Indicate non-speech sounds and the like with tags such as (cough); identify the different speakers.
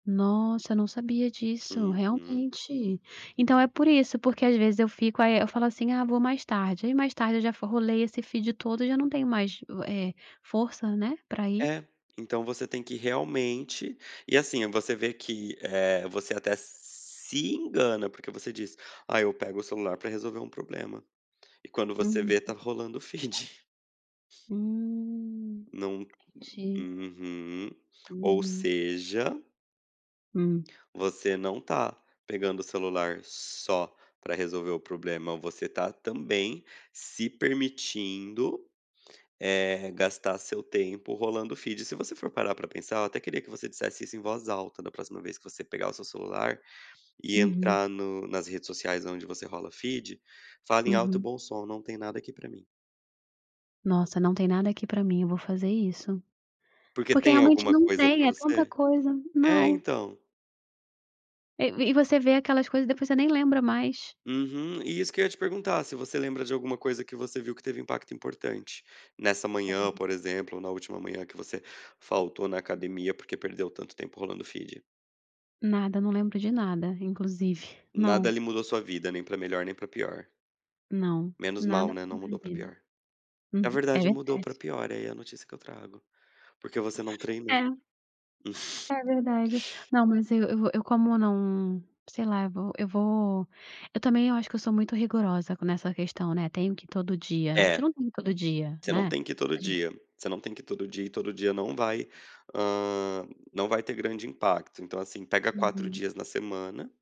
Speaker 1: Nossa, eu não sabia disso,
Speaker 2: Uhum.
Speaker 1: realmente. Então é por isso, porque às vezes eu fico, aí e eu falo assim: "Ah, vou mais tarde", aí mais tarde eu já fo rolei esse feed todo, e já não tenho mais u eh, força, né, pra ir.
Speaker 2: É, então você tem que realmente e assim, você vê que, eh, você até se engana, porque você diz: "Ah, eu pego o celular pra resolver um problema", e quando você vê,
Speaker 1: Hum.
Speaker 2: estava rolando o feed.
Speaker 1: Hum,
Speaker 2: Não
Speaker 1: entendi.
Speaker 2: uhum. Ou
Speaker 1: Uhum.
Speaker 2: seja
Speaker 1: Hum.
Speaker 2: você não tá pegando o celular só pra resolver o problema, você tá, também, se permitindo, eh, gastar seu tempo rolando feed. Se você for parar pra pensar, eu até queria que você dissesse isso em voz alta da próxima vez que você pegar o seu celular e
Speaker 1: Uhum.
Speaker 2: entrar no nas redes sociais, aonde você rola feed, fala em alto e
Speaker 1: Uhum.
Speaker 2: bom som: "Não tem nada aqui pra mim".
Speaker 1: Nossa, "Não tem nada aqui pra mim", eu vou fazer isso.
Speaker 2: Porque
Speaker 1: Porque
Speaker 2: tem
Speaker 1: realmente
Speaker 2: alguma
Speaker 1: não
Speaker 2: coisa
Speaker 1: tem,
Speaker 2: pra
Speaker 1: é tanta
Speaker 2: você?
Speaker 1: coisa
Speaker 2: É,
Speaker 1: não.
Speaker 2: então.
Speaker 1: E e você vê aquelas coisas, depois você nem lembra mais.
Speaker 2: Uhum. E isso que eu ia te perguntar, se você lembra de alguma coisa que você viu que teve impacto importante. Nessa manhã,
Speaker 1: Sério.
Speaker 2: por exemplo, ou na última manhã que você faltou na academia, porque perdeu tanto tempo rolando feed.
Speaker 1: Nada, não lembro de nada, inclusive. (chuckles)
Speaker 2: Nada
Speaker 1: Não.
Speaker 2: ali mudou sua vida, nem pra melhor, nem pra pior.
Speaker 1: Não,
Speaker 2: Menos mal,
Speaker 1: nada
Speaker 2: né,
Speaker 1: pra
Speaker 2: não
Speaker 1: minha
Speaker 2: mudou pra
Speaker 1: vida.
Speaker 2: pior. É
Speaker 1: Uhum, é
Speaker 2: verdade, mudou pra
Speaker 1: verdade.
Speaker 2: pior, aí é a notícia que eu trago. Porque você não treinou.
Speaker 1: É.
Speaker 2: (chuckles)
Speaker 1: É verdade. Não, mas eu eu eu como não, sei lá, vou eu vou eu também, eu acho que eu sou muito rigorosa nessa questão, né, "Tenho que ir todo dia", a gente
Speaker 2: É.
Speaker 1: não tem que ir todo dia,
Speaker 2: Você não
Speaker 1: né
Speaker 2: tem que ir todo
Speaker 1: (unintelligible)
Speaker 2: dia. Você não tem que ir todo dia, e todo dia não vai, ah, não vai ter grande impacto. Então assim, pega 4
Speaker 1: Uhum.
Speaker 2: dias na semana